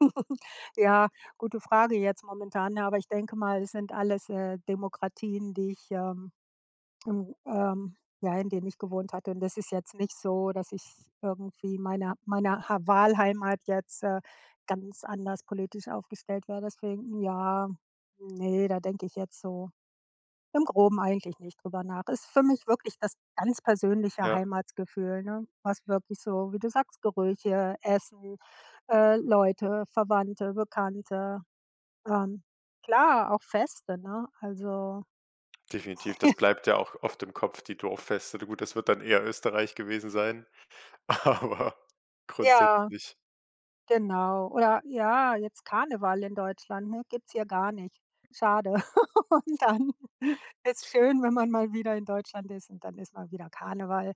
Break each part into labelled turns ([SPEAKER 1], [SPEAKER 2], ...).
[SPEAKER 1] Ja, gute Frage jetzt momentan, aber ich denke mal, es sind alles, äh, Demokratien, die ich, ähm hm, ähm ja, in denen ich gewohnt hatte und das ist jetzt nicht so, dass ich es irgendwie meiner meiner ha Wahlheimat jetzt, äh, ganz anders politisch aufgestellt wäre, deswegen ja, ne, da denke ich jetzt so im Groben eigentlich nicht drüber nach. Ist für mich wirklich das ganz persönliche
[SPEAKER 2] Ja.
[SPEAKER 1] Heimatsgefühl, ne? Was wirklich so, wie du sagst: Gerüche, Essen, äh, Leute, Verwandte, Bekannte. Ähm, klar, auch Feste, ne? Also
[SPEAKER 2] Definitiv, das bleibt ja auch oft im Kopf, die Dorffeste. Gut, das wird dann eher Österreich gewesen sein, aber
[SPEAKER 1] Ja,
[SPEAKER 2] grundsätzlich.
[SPEAKER 1] genau oder ja, jetzt Karneval in Deutschland, ne? Gibt's hier gar nicht. Schade. Und dann ist schön, wenn man mal wieder in Deutschland ist und dann ist mal wieder Karneval.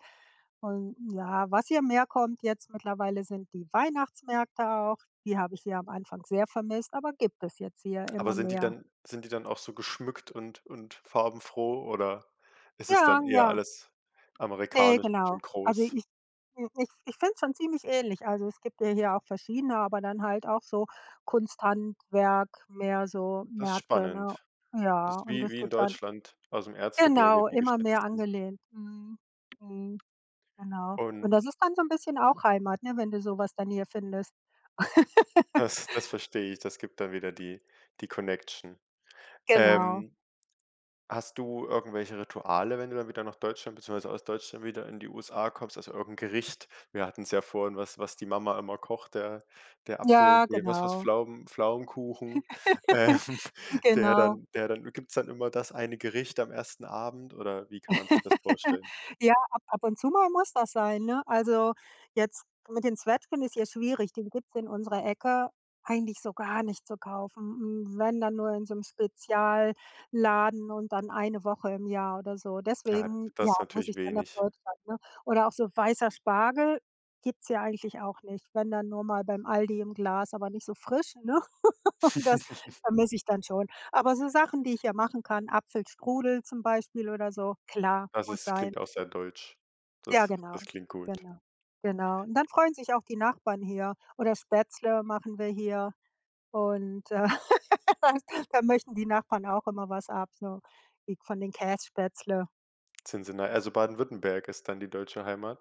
[SPEAKER 1] Und ja, was hier mehr kommt jetzt mittlerweile sind die Weihnachtsmärkte auch. Die habe ich hier am Anfang sehr vermisst, aber gibt es jetzt hier
[SPEAKER 2] Aber
[SPEAKER 1] immer
[SPEAKER 2] sind die
[SPEAKER 1] mehr.
[SPEAKER 2] dann sind die dann auch so geschmückt und und farbenfroh oder ist es
[SPEAKER 1] Ja,
[SPEAKER 2] dann eher
[SPEAKER 1] ja.
[SPEAKER 2] alles
[SPEAKER 1] Ne,
[SPEAKER 2] amerikanisch
[SPEAKER 1] genau.
[SPEAKER 2] und
[SPEAKER 1] Also,
[SPEAKER 2] groß?
[SPEAKER 1] ich äh, ich ich find's schon ziemlich ähnlich, also, es gibt ja hier auch verschiedene, aber dann halt auch so Kunsthandwerk, mehr so
[SPEAKER 2] Das ist
[SPEAKER 1] Märkte, ne?
[SPEAKER 2] spannend, das
[SPEAKER 1] Ja,
[SPEAKER 2] ist
[SPEAKER 1] und
[SPEAKER 2] wie
[SPEAKER 1] das
[SPEAKER 2] wie in
[SPEAKER 1] gibt dann
[SPEAKER 2] Deutschland aus'm Erzgebirge
[SPEAKER 1] genau,
[SPEAKER 2] die
[SPEAKER 1] immer mehr
[SPEAKER 2] Geschnitzten.
[SPEAKER 1] angelehnt. Mhm. Mhm. Genau. Und
[SPEAKER 2] Und
[SPEAKER 1] das ist dann so 'n bisschen auch Heimat, ne? Wenn du so was dann hier findest.
[SPEAKER 2] Das das verstehe ich, das gibt dann wieder die, die Connection.
[SPEAKER 1] Genau.
[SPEAKER 2] Ähm, hast du irgendwelche Rituale, wenn du dann wieder nach Deutschland, beziehungsweise aus Deutschland wieder in die USA kommst? Also, irgend 'n Gericht? Wir hatten es ja vorhin, was was die Mama immer kocht, der der Apfel
[SPEAKER 1] Ja,
[SPEAKER 2] ne, was war's,
[SPEAKER 1] genau.
[SPEAKER 2] Pflaumen Pflaumenkuchen, ähm, der
[SPEAKER 1] Genau.
[SPEAKER 2] dann der dann gibt's dann immer das eine Gericht am 1. Abend oder wie kann man sich das vorstellen?
[SPEAKER 1] Ja, ab ab und zu mal muss das sein, ne? Also, jetzt mit den Zwetschgen ist hier schwierig, die gibt's in unserer Ecke eigentlich so gar nicht zu kaufen. Wenn, dann nur in so 'nem Spezialladen und dann 1 Woche im Jahr oder so.
[SPEAKER 2] Ah,
[SPEAKER 1] Deswegen,
[SPEAKER 2] das
[SPEAKER 1] ja,
[SPEAKER 2] ist
[SPEAKER 1] muss
[SPEAKER 2] natürlich
[SPEAKER 1] ich dann nach
[SPEAKER 2] wenig.
[SPEAKER 1] Deutschland, ne? Oder auch so weißer Spargel gibt's hier eigentlich auch nicht. Wenn dann nur mal beim Aldi im Glas, aber nicht so frisch, ne? Und das vermisse ich dann schon. Aber so Sachen, die ich hier machen kann, Apfelstrudel zum Beispiel oder so, klar,
[SPEAKER 2] Das
[SPEAKER 1] muss
[SPEAKER 2] ist
[SPEAKER 1] sein.
[SPEAKER 2] klingt auch sehr deutsch.
[SPEAKER 1] Ja,
[SPEAKER 2] Das das
[SPEAKER 1] genau,
[SPEAKER 2] klingt gut.
[SPEAKER 1] genau, genau. Und dann freuen sich auch die Nachbarn hier. Oder Spätzle machen wir hier. Und, äh, das da möchten die Nachbarn auch immer was ab, so wie von den Käsespätzle.
[SPEAKER 2] [unintelligible] na also, Baden Württemberg ist dann die deutsche Heimat?